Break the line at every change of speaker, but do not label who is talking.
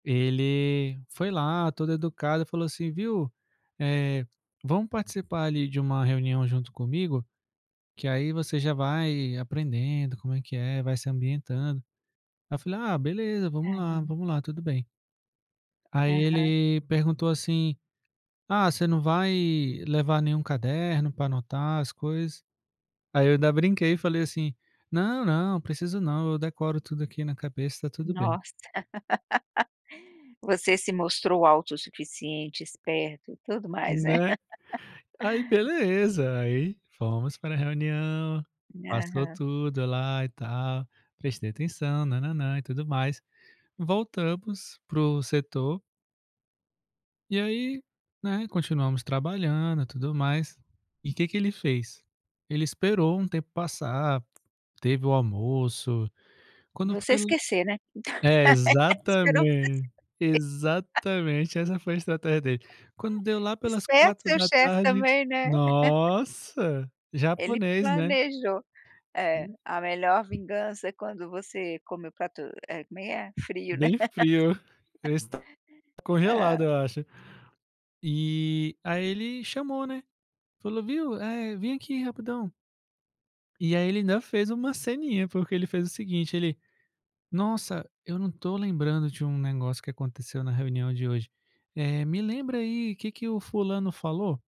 Ele foi lá todo educado e falou assim: "Viu, eh, vamos participar ali de uma reunião junto comigo, que aí você já vai aprendendo como é que é, vai se ambientando". Aí eu falei: "Ah, beleza, vamos lá,
Aham.
vamos lá, tudo bem". Aí
Aham.
ele perguntou assim: "Ah, você não vai levar nenhum caderno para anotar as coisas?" Aí eu ainda brinquei e falei assim: "Não, não, preciso não, eu decoro tudo aqui na cabeça e está tudo bem".
Nossa. Você se mostrou autossuficiente, esperto e tudo mais, é?
Né? Aí beleza, aí fomos para a reunião, passou
Aham.
tudo lá e tal, prestei atenção, nã-nã-nã, e tudo mais, voltamos para o setor e aí, né, continuamos trabalhando e tudo mais, e que que ele fez? Ele esperou um tempo passar, teve o almoço. Quando
Você
foi
esquecer, né?
É exatamente, exatamente essa foi estratégia dele. Quando deu lá pelas
Esperto
quatro
seu
da
chefe
tarde,
também, né?
nossa,
Ele
japonês né?
planejou, eh,
Hum.
a melhor vingança é quando você come o prato, eh, como é que é frio, né?
Bem frio, eu esta
Hã?
congelado eu acho. E, aí ele chamou n é, falou viu, vem aqui rapidão. E aí ele ainda fez uma ceninha, porque ele fez o seguinte, ele: "Nossa, eu não tô lembrando de um negócio que aconteceu na reunião de hoje, eh, me lembra aí que que o fulano falou?".